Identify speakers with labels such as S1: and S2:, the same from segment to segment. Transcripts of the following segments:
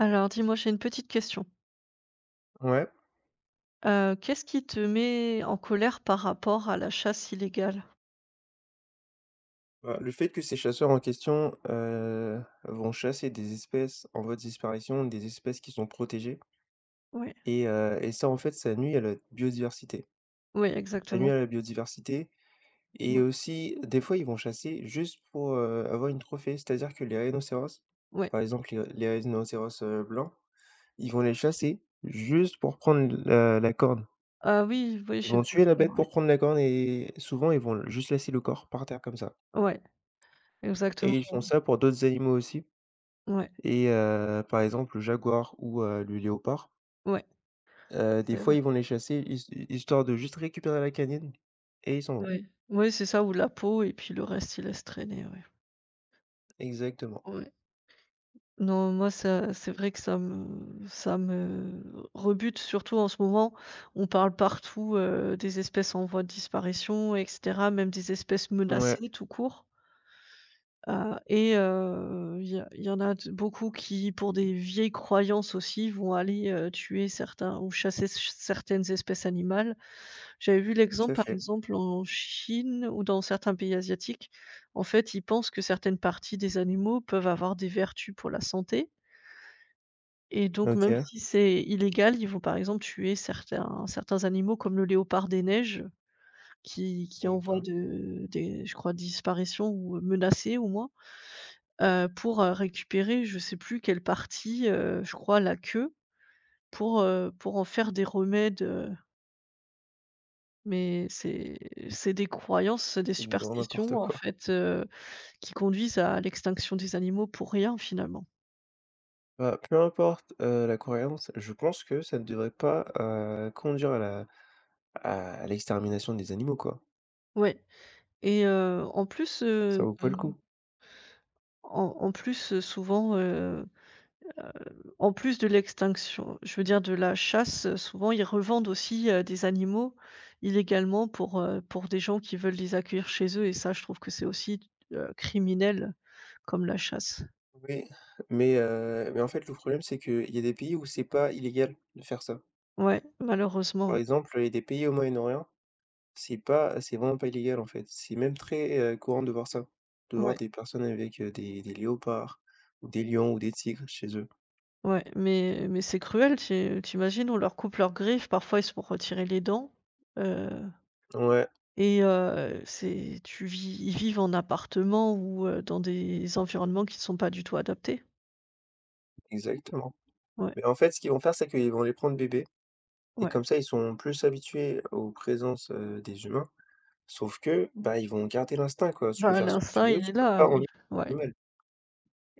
S1: Alors dis-moi, j'ai une petite question.
S2: Ouais?
S1: Heu, qu'est-ce qui te met en colère par rapport à la chasse illégale?
S2: Bah, le fait que ces chasseurs en question, heu, vont chasser des espèces en voie de disparition, des espèces qui sont protégées.
S1: Ouais.
S2: Et heu et ça, en fait, ça nuit à notre biodiversité.
S1: Oui,
S2: Ça nuit
S1: exactement.
S2: à la biodiversité et
S1: Ouais.
S2: aussi, des fois, ils vont chasser juste pour, heu, avoir une trophée, c'est-à-dire que les rhinocéros,
S1: Ouais.
S2: par exemple les r les rhinocéros, heu, blancs, ils vont les chasser juste pour prendre la la corne.
S1: Ah oui, oui,
S2: Ils
S1: j'ai
S2: vont
S1: vu
S2: tuer la
S1: ça,
S2: bête
S1: ouais.
S2: pour prendre la corne et et souvent, ils vont l juste laisser le corps par terre comme ça.
S1: Ouais, exactement.
S2: Et ils font ça pour d'autres animaux aussi
S1: Ouais.
S2: et heu, par exemple, le jaguar ou heu, le léopard.
S1: Ouais.
S2: Heu, des
S1: C'est
S2: fois,
S1: vrai.
S2: ils vont les chasser his hi histoire de juste récupérer la canine et ils s'en vont.
S1: Ouais, oui c'est ça ou de la peau et puis le reste ils laissent traîner, ouais.
S2: Exactement.
S1: Ouais. Non moi, ça, c'est vrai que ça me ça me r rebute surtout en ce moment, on parle partout, heu, des espèces en voie de disparition et cetera, même des espèces
S2: Mouais.
S1: menacées tout court. Ah et heu, il y a il y en a de beaucoup qui, pour des vieilles croyances, aussi, vont aller, heu, tuer certains ou chasser s ch certaines espèces animales. J'avais vu
S2: Tout
S1: l'exemple,
S2: à
S1: par
S2: fait.
S1: exemple, en Chine ou dans certains pays asiatiques, en fait, ils pensent que certaines parties des animaux peuvent avoir des vertus pour la santé. Et donc même
S2: OK.
S1: si c'est illégal, ils vont par exemple tuer certains certains animaux comme le léopard des neiges qui qui est en
S2: Eh
S1: voie
S2: ben.
S1: de des je crois disparition ou heu, menacé au moins, heu, pour, heu, récupérer je sais plus quelle partie, heu, je crois la queue pour, heu, pour en faire des remèdes, heu Mais, c'est c'est des croyances, des
S2: C'est du grand
S1: superstitions
S2: n'importe
S1: en
S2: quoi.
S1: fait, heu, qui conduisent à l'extinction des animaux pour rien, finalement.
S2: Bah, peu importe, heu, la croyance, je pense que ça ne devrait pas, heu, conduire à la à l'extermination des animaux, quoi.
S1: Ouais. Et heu, en plus,
S2: Ça
S1: heu
S2: vaut pas le coup!
S1: en en plus, heu, souvent, heu heu, en plus de l'extinction, je veux dire, de la chasse, souvent ils revendent aussi, heu, des animaux illégalement pour, heu, pour des gens qui veulent les accueillir chez eux et ça je trouve que c'est aussi, heu, criminel comme la chasse.
S2: Oui. Mais heu, mais en fait le problème, c'est qu'il y a des pays où c'est pas illégal de faire ça.
S1: Ouais. Malheureusement,
S2: Par
S1: oui.
S2: exemple, il y a des pays au Moyen-Orient, c'est pas c'est vraiment pas illégal en fait, c'est même très, heu, courant de voir ça, de voir
S1: Ouais.
S2: des personnes avec, heu, des des léopards ou des lions ou des tigres chez eux.
S1: Ouais, mais mais c'est cruel, tu i tu imagines, on leur coupe leurs griffes parfois, ils se font retirer les dents, heu,
S2: Ouais.
S1: et heu, c'est tu vis ils vivent en appartement ou heu, dans des environnements qui sont pas du tout adaptés.
S2: Exactement.
S1: Ouais.
S2: Mais en fait, ce qu'ils vont faire, c'est qu'ils vont les prendre bébés, et
S1: Ouais.
S2: comme ça ils sont plus habitués aux présences, heu, des humains sauf que, bah, ils vont garder l'instinct quoi, tu peux
S1: Bah
S2: faire ce que
S1: l'instinct
S2: tu veux,
S1: il
S2: tu
S1: est
S2: peux
S1: là,
S2: pas
S1: oui,
S2: enlever
S1: ouais.
S2: l'animal.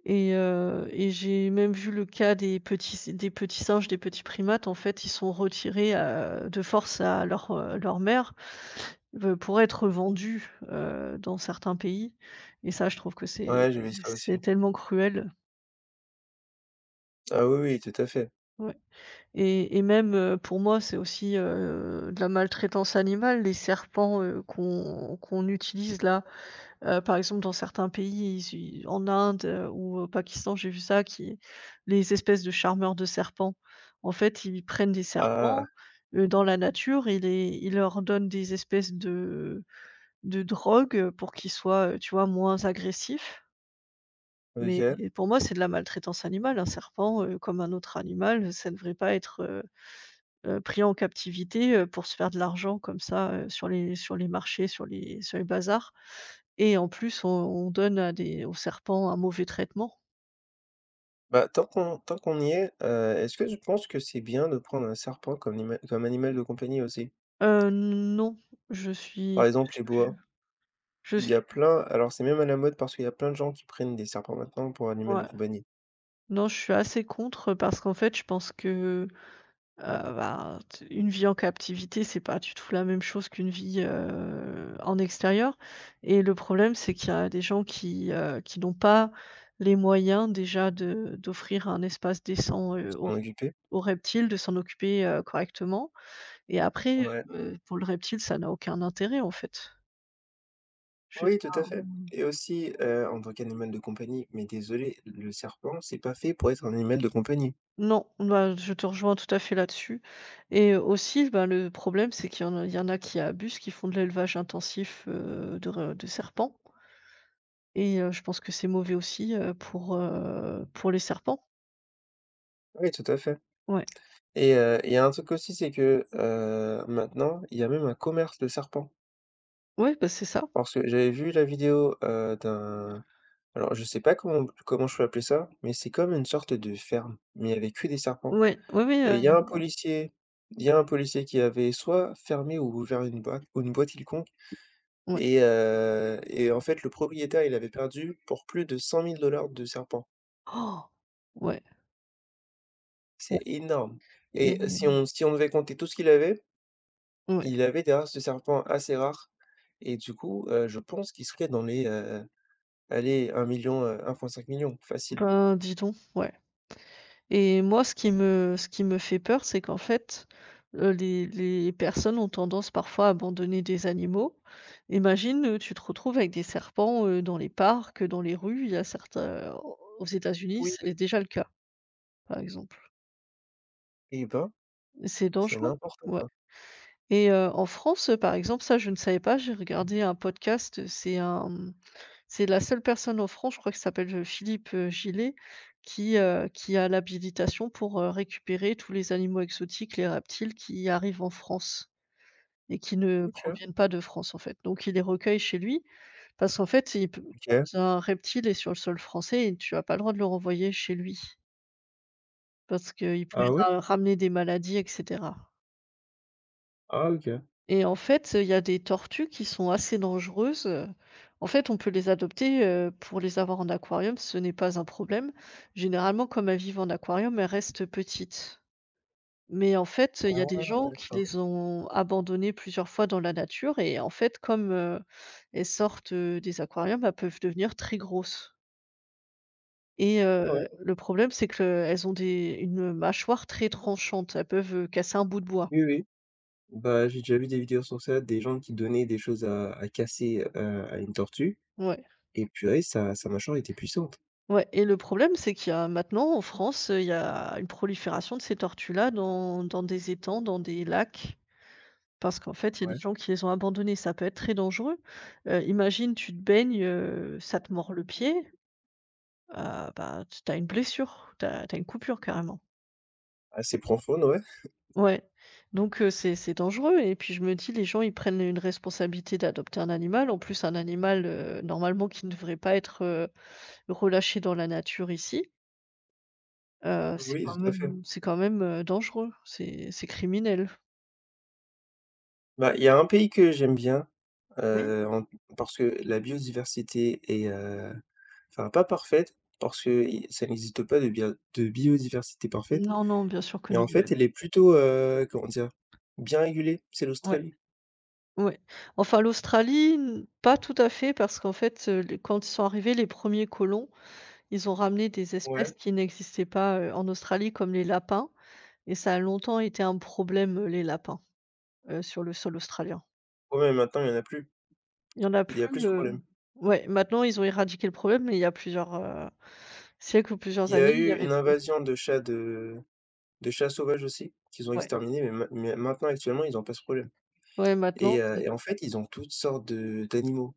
S1: Et heu, et j'ai même vu le cas des petits s des petits singes, des petits primates. En fait, ils sont retirés, heu, de force à leur, heu, leur mère, b pour être vendus, heu, dans certains pays. Et ça, je trouve que c'est
S2: Ouais, j'ai vu ça
S1: c'est
S2: aussi.
S1: tellement cruel.
S2: Ah oui, oui. Tout à fait.
S1: Ouais. Et et même heu, pour moi, c'est aussi, heu, de la maltraitance animale, les serpents, heu, qu'on qu'on utilise là. Heu, par exemple, dans certains pays, issus, en Inde, heu, ou au Pakistan, j'ai vu ça, qui les espèces de charmeurs de serpents. En fait, ils prennent des
S2: Ah!
S1: serpents, heu, dans la nature et les ils leur donnent des espèces de de drogue pour qu'ils soient, tu vois, moins agressifs mais,
S2: OK.
S1: et pour moi c'est de la maltraitance animale, un serpent, heu, comme un autre animal, ça devrait pas être, heu heu, pris en captivité, heu, pour se faire de l'argent comme ça, heu, sur les sur les marchés, sur les sur les bazars et en plus, on on donne à des aux serpents un mauvais traitement.
S2: Bah tant qu'on tant qu'on y est, heu, est-ce que tu penses que c'est bien de prendre un serpent comme nima comme animal de compagnie aussi?
S1: Heu non, je suis
S2: Par exemple,
S1: je
S2: les
S1: suis plus
S2: boas.
S1: je
S2: Il y
S1: suis
S2: a
S1: p
S2: plein alors c'est même à la mode parce qu'il y a plein de gens qui prennent des serpents, maintenant, pour animal
S1: Ouais.
S2: de compagnie.
S1: Non, je suis assez contre parce qu'en fait, je pense que, heu, ben, t une vie en captivité, c'est pas du tout la même chose qu'une vie, heu, en extérieur et le problème, c'est qu'il y a des gens qui, heu, qui n'ont pas les moyens déjà de d'offrir un espace décent, heu, aux
S2: S'en occuper.
S1: aux reptiles, de s'en occuper, heu, correctement et après,
S2: Ouais.
S1: heu, pour le reptile, ça n'a aucun intérêt, en fait. Je
S2: Oui, tout
S1: t'a
S2: à fait
S1: mmh.
S2: et aussi, heu, en tant qu'animal de compagnie, mais désolé, le serpent, c'est pas fait pour être un animal de compagnie.
S1: Non, n bah, je te rejoins tout à fait là-dessus et aussi, bah le problème, c'est qu'il y en il y en a qui abusent, qui font de l'élevage intensif, heu, de re de serpents et heu, je pense que c'est mauvais aussi, heu, pour, heu, pour les serpents.
S2: Oui, tout à fait
S1: Ouais.
S2: et heu, il y a un truc aussi, c'est que, heu, maintenant, il y a même un commerce de serpents.
S1: Ouais, bah, c'est ça.
S2: Parce que j'avais vu la vidéo, heu, d'un alors, je sais pas comment p comment je peux appeler ça mais c'est comme une sorte de ferme mais avec que des serpents
S1: Ouais, oui, oui,
S2: et
S1: heu,
S2: il y
S1: il
S2: a un
S1: y en a.
S2: policier il y a un policier qui avait soit fermé ou ouvert une boîte ou une boîte quelconque
S1: Ouais.
S2: et heu et en fait le propriétaire, il avait perdu pour plus de 100 000 $ de serpents.
S1: Ouais. Ouais
S2: C'est énorme
S1: et
S2: et si on si on devait compter tout ce qu'il avait,
S1: Ouais.
S2: il avait, d'ailleurs, ce serpent assez rare et du coup, heu, je pense qu'il serait dans les, heu, allez, 1 000 000, heu, 1 fois 5 000 000, facile.
S1: Ben, dis donc, ouais et moi, ce qui me ce qui me fait peur, c'est qu'en fait, heu, les les personnes ont tendance parfois à abandonner des animaux. Imagine, heu, tu te retrouves avec des serpents, heu, dans les parcs, dans les rues, il y a certains, heu, aux aux États-Unis,
S2: Oui.
S1: c'est l déjà le cas, par exemple.
S2: Et ben,
S1: C'est
S2: c'est
S1: dangereux,
S2: n'importe
S1: ouais
S2: quoi.
S1: et heu, en France, heu, par exemple, ça, je ne savais pas. J'ai regardé un podcast, c'est un, mmh, c'est la seule personne en France, je crois qu'il s'appelle f heu, Philippe, heu, Gillet qui, heu, qui a l'habilitation pour, heu, récupérer tous les animaux exotiques, les reptiles qui arrivent en France et qui ne
S2: OK.
S1: proviennent pas de France, en fait. Donc il les recueille chez lui parce qu'en fait, il pe quand
S2: OK.
S1: un reptile est sur le sol français et tu as pas le droit de le renvoyer chez lui parce qu'il pourrait
S2: Ah ouais?
S1: ra ramener des maladies et cetera.
S2: Ah OK.
S1: Et en fait, heu, il y a des tortues qui sont assez dangereuses. En fait, on peut les adopter, heu, pour les avoir en aquarium, ce n'est pas un problème. Généralement comme elles vivent en aquarium, elles restent petites. Mais en fait, il y
S2: Ah
S1: a des
S2: ouais,
S1: gens qui
S2: d'accord.
S1: les ont abandonnées plusieurs fois dans la nature et en fait, comme, heu, elles sortent, heu, des aquariums, elles peuvent devenir très grosses et
S2: Ah ouais?
S1: heu, le problème, c'est qu'elles ont des une, heu, mâchoire très tranchante. Elles peuvent, heu, casser un bout de bois.
S2: Oui, oui, bah, j'ai déjà vu des vidéos sur ça. Des gens qui donnaient des choses à à casser, heu, à une tortue
S1: Ouais.
S2: et purée sa sa mâchoire était puissante.
S1: Ouais et le problème, c'est qu'il y a maintenant en France, il y a une prolifération de ces tortues-là dans dans des étangs, dans des lacs parce qu'en fait, il y a des
S2: Ouais.
S1: gens qui les ont abandonnées. Ça peut être très dangereux, heu, imagine tu te baignes, heu, ça te mord le pied, heu, bah, t tu as une blessure, tu as tu as une coupure carrément.
S2: Assez profonde, ouais.
S1: Ouais. Donc heu, c'est c'est dangereux et puis je me dis: «Les gens, ils prennent une responsabilité d'adopter un animal», en plus un animal, heu, normalement qui ne devrait pas être, heu, relâché dans la nature ici. Heu, c'est quand
S2: Oui, tout à fait.
S1: même c'est quand même, heu, dangereux. C'est c'est criminel.
S2: Bah,
S1: Ouais.
S2: il y a un pays que j'aime bien,
S1: Oui.
S2: heu, en parce que la biodiversité est, heu enfin, pas parfaite parce que i ça n'existe pas de bia de biodiversité parfaite.
S1: Non, non, bien sûr que
S2: Mais
S1: non,
S2: en
S1: ouais.
S2: fait, elle est plutôt, heu, comment dire? Bien régulée. C'est
S1: Ouais.
S2: l'Australie.
S1: Ouais, enfin l'Australie n pas tout à fait, parce qu'en fait, heu, les quand ils sont arrivés, les 1ers colons, ils ont ramené des
S2: Ouais.
S1: espèces qui n'existaient pas, heu, en Australie. Comme les lapins et ça a longtemps été un problème, heu, les lapins, heu, sur le sol australien.
S2: Ouais, mais maintenant, il y en a plus.
S1: Il y en a
S2: Il y a plus
S1: plus,
S2: ce
S1: heu,
S2: problème.
S1: ouais maintenant ils ont éradiqué le problème, mais il y a plusieurs, heu, siècles ou
S2: Il
S1: plusieurs
S2: y a
S1: années, il y
S2: eu
S1: avait.
S2: une
S1: [unintelligible]
S2: invasion de chats de de chats sauvages aussi, qu'ils ont
S1: Ouais.
S2: exterminés. Mais main mais maintenant, actuellement ils ont pas ce problème.
S1: Ouais, maintenant
S2: Et heu
S1: c'est
S2: et en fait, ils ont toutes sortes de d'animaux.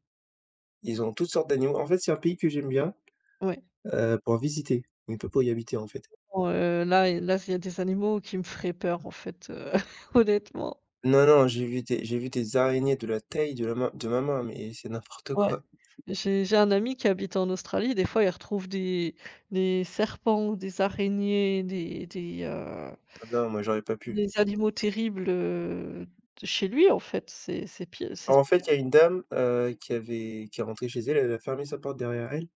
S2: Ils ont toutes sortes d'animaux. En fait, c'est un pays que j'aime bien,
S1: Ouais.
S2: heu, pour visiter, mais pas pour y habiter, en fait.
S1: On heu, là, et là, c'est il y a des animaux qui me feraient peur, en fait, heu, honnêtement.
S2: Non, non, j'ai vu des j'ai vu des araignées de la taille de la main de ma main, mais c'est n'importe
S1: Ouais.
S2: quoi.
S1: J'ai j'ai un ami qui habite en Australie, des fois, il retrouve des des serpents, des araignées, des des, heu
S2: Ah non, moi j'aurais pas pu.
S1: des animaux terribles, heu, d chez lui, en fait, c'est c'est pi
S2: Bah,
S1: c'est.
S2: en fait,
S1: [unintelligible]
S2: il y a une dame, heu, qui avait qui est rentrée chez elle elle a fermé sa porte derrière elle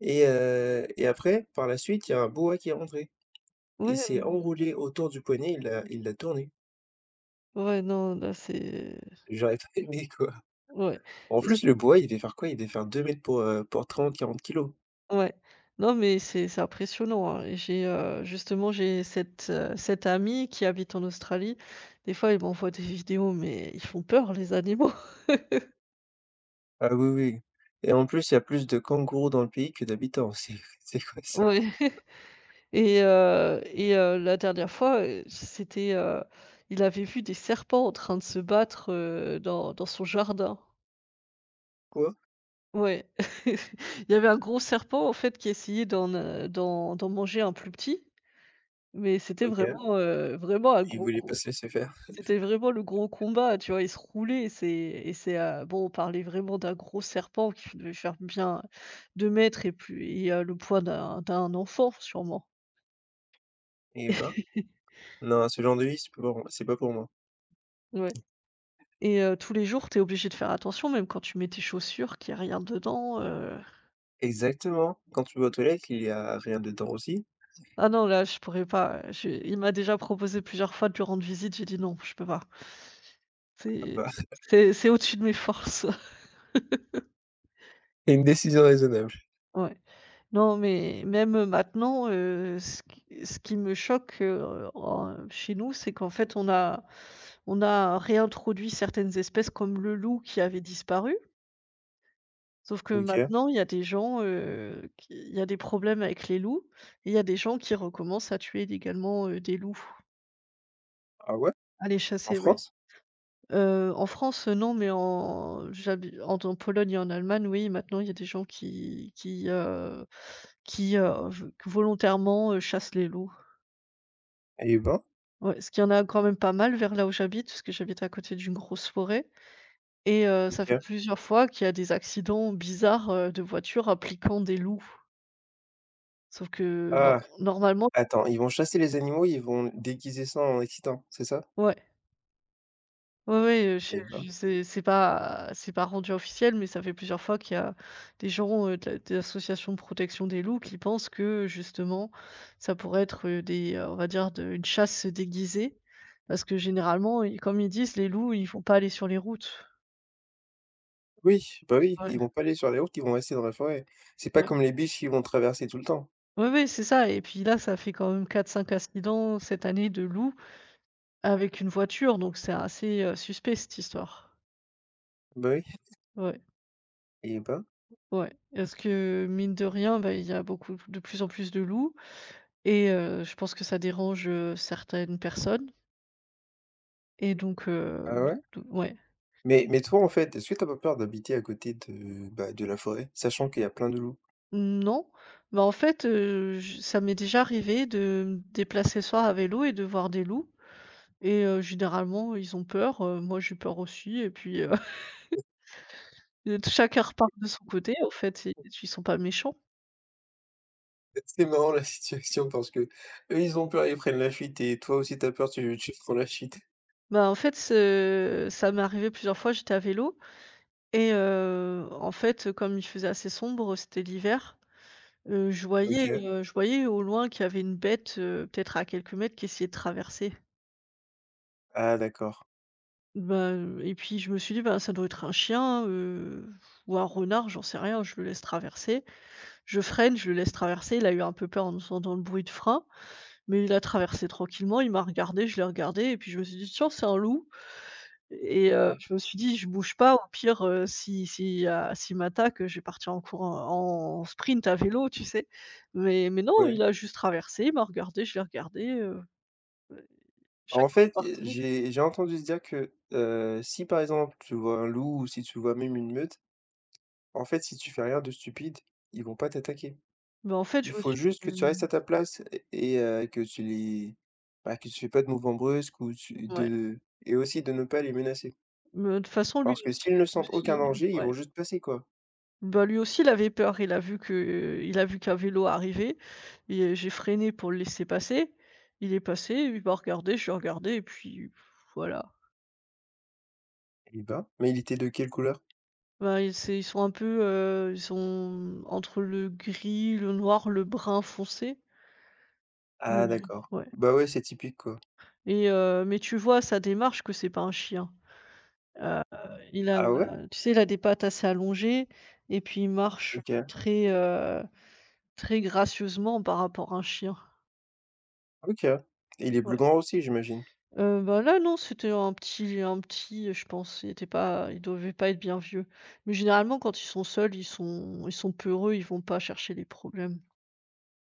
S2: et heu et après, par la suite il y a un boa qui est rentré.
S1: Ouais,
S2: Il s'est
S1: hem
S2: enroulé autour du poignet, il l'a il l'a tourné.
S1: Ouais, non là c'est
S2: J'aurais trop aimé, quoi.
S1: Ouais.
S2: En
S1: Parce
S2: plus,
S1: que
S2: le boa, il devait faire quoi, il devait faire 2 mètres pour, heu, pour 30-40 kilos.
S1: Ouais, non, mais c'est c'est impressionnant, hein. Et j'ai, heu, justement, j'ai cette, heu, cette amie qui habite en Australie. Des fois elle m'envoie des vidéos, mais ils font peur, les animaux.
S2: Ah oui, oui. Et en plus il y a plus de kangourous dans le pays, que d'habitants, aussi, c c'est vrai ça.
S1: Oui et heu, et heu, la dernière fois, heu, c'était, heu il avait vu des serpents en train de se battre, heu, dans dans son jardin.
S2: Quoi?
S1: Oui. Il y avait un gros serpent, en fait, qui essayait d'en n d'en d'en manger un plus petit. Mais c'était
S2: OK.
S1: vraiment, heu vraiment un
S2: Il
S1: gros,
S2: voulait pas
S1: gros
S2: se laisser faire.
S1: c'était vraiment le gros combat. Tu vois, ils se roulaient et c'est et c'est, heu, bon, on parlait vraiment d'un gros serpent qui devait faire bien 2 mètres et puis heu, le poids d'un d'un enfant sûrement.
S2: Eh ben. Non ce genre de vie, c'est pas pour c'est pas pour moi.
S1: Ouais. Et heu, tous les jours, tu es obligé de faire attention même, quand tu mets tes chaussures qu'il y a rien dedans, heu.
S2: Exactement. Quand tu vas aux toilettes, il y a rien dedans, aussi.
S1: Ah non là, je pourrais pas, heu, je Il m'a déjà proposé plusieurs fois de lui rendre visite. J'ai dit: «Non, je peux pas».
S2: Ah
S1: C'est
S2: bah
S1: c'est c'est au-dessus de mes forces.
S2: Une décision raisonnable.
S1: Ouais. Non, mais, même maintenant, heu, ce qui ce qui me choque, heu, en chez nous, c'est qu'en fait, on a on a réintroduit certaines espèces, comme le loup qui avait disparu. Sauf que
S2: OK.
S1: maintenant, il y a des gens, heu, qui il y a des problèmes avec les loups et il y a des gens qui recommencent à tuer illégalement, heu, des loups.
S2: Ah ouais?
S1: À les
S2: En
S1: chasser, oui.
S2: France?
S1: Heu, en France, non, mais en j'habite en t Pologne et en Allemagne, oui, maintenant, il y a des gens qui qui, heu, qui, heu, vol volontairement, heu, chassent les loups.
S2: Eh ben.
S1: Ouais, parce qu'il y en a quand même pas mal, vers là où j'habite- parce que j'habite à côté d'une grosse forêt- et heu, ça fait
S2: OK.
S1: plusieurs fois qu'il y a des accidents bizarres, heu, de voitures impliquant des loups. Sauf que nor
S2: Ah.
S1: normalement.
S2: Attends, ils vont chasser les animaux et ils vont déguiser ça en accident, c'est ça?
S1: Ouais. Oui, oui, heu je
S2: Eh ben.
S1: je c'est c'est pas c'est pas rendu officiel, mais ça fait plusieurs fois qu'il y a des gens, heu, de la des associations de protection des loups qui pensent que, justement, ça pourrait être des, heu, on va dire de une chasse déguisée, parce que généralement, heu, comme ils disent: «Les loups, ils vont pas aller sur les routes».
S2: Oui, bah oui,
S1: Ouais.
S2: ils vont pas aller sur les routes, ils vont rester dans la forêt. C'est pas
S1: Ouais.
S2: comme les biches, qui vont traverser tout le temps.
S1: Oui, oui, c'est ça, et puis là, ça fait quand même 4-5 incidents cette année, de loups, avec une voiture. Donc c'est assez, heu, suspect, cette histoire.
S2: Bah oui.
S1: Ouais.
S2: Eh ben.
S1: Ou ouais. Est-ce que mine de rien, ben, il y a beaucoup p de plus en plus de loups et heu, je pense que ça dérange, heu, certaines personnes. Et donc, heu,
S2: Ah
S1: d
S2: ouais?
S1: d ouais.
S2: Mais mais toi en fait, est-ce que tu as pas peur d'habiter à côté de, bah, de la forêt, sachant qu'il y a plein de loups?
S1: Mmh non, mais en fait, heu, j ça m'est déjà arrivé de me déplacer le soir à vélo et de voir des loups et heu, généralement ils ont peur, heu, moi j'ai peur aussi et puis heu et d chacun repart de son côté en fait, ils ils sont pas méchants.
S2: Ah, c'est marrant la situation, parce qu'eux ils ont peur, ils prennent la fuite et toi aussi tu as peur, tu tu prends la fuite.
S1: Ben en fait, ce ça m'est arrivé plusieurs fois. J'étais à vélo et heu, en fait, heu, comme il faisait assez sombre, c'était l'hiver, heu, je voyais,
S2: OK.
S1: heu, je voyais au loin qu'il y avait une bête, heu, peut-être à quelques mètres qui essayait de traverser
S2: Ah d'accord.
S1: bah, heu et puis je me suis dit: «Ben ça doit être un chien, heu, pff ou un renard, j'en sais rien, je le laisse traverser». Je freine, je le laisse traverser, il a eu un peu peur en entendant le bruit de frein, mais il a traversé tranquillement. Il m'a regardé, je l'ai regardé et puis je me suis dit: «Tiens c'est un loup» et heu,
S2: Ah.
S1: je me suis dit: «Je bouge pas
S2: Et
S1: au pire, heu, si si, heu, s'il m'attaque, heu, je vais partir en courant, en sprint à vélo» tu sais, mais mais non,
S2: Ouais.
S1: il a juste traversé, il m'a regardée, je l'ai regardé, heu, heu,
S2: Bah en
S1: chacun est
S2: fait, heu,
S1: reparti.
S2: j'ai j'ai entendu dire que, heu, si par exemple tu vois un loup ou si tu vois même une meute, bah en fait si tu fais rien de stupide ils vont pas t'attaquer.
S1: Ben, en fait je
S2: Il
S1: me
S2: faut
S1: suis,
S2: juste que tu restes
S1: mmh
S2: à ta place et et heu et que tu les bah que tu fais pas de mouvement brusque ou tu
S1: Ouais.
S2: de et aussi de ne pas les menacer.
S1: Mmh, heu, toute façon lui
S2: Parce
S1: aus
S2: que s'ils ne
S1: lui
S2: sentent
S1: aussi,
S2: aucun
S1: heu,
S2: danger, ils
S1: ouais.
S2: vont juste passer quoi.
S1: Bah lui aussi, il avait peur, il a vu que il a vu qu'un vélo arrivait et heu, j'ai freiné pour le laisser passer. Il est passé, il m'a regardée, je l'ai regardé et puis, pfff, voilà.
S2: Eh ben, mais il était de quelle couleur?
S1: Ben ils c'est ils sont un peu, heu, ils sont, mmh, entre le gris, le noir, le brun foncé? Mais,
S2: Ah
S1: heu,
S2: d'accord,
S1: ouais.
S2: bah, ouais, c'est typique quoi.
S1: Et heu, mais tu vois à sa démarche que c'est pas un chien, heu, il a
S2: Ah ouais?
S1: la tu sais, il a des pattes assez allongées et puis il marche
S2: OK.
S1: très, heu, très gracieusement par rapport à un chien.
S2: OK et il est plus
S1: Ouais.
S2: grand aussi j'imagine?
S1: Heu, bah, là non, c'était un petit un petit, heu, je pense il était pas il devait pas être bien vieux. Mais généralement quand ils sont seuls, ils sont ils sont peureux, ils vont pas chercher les problèmes.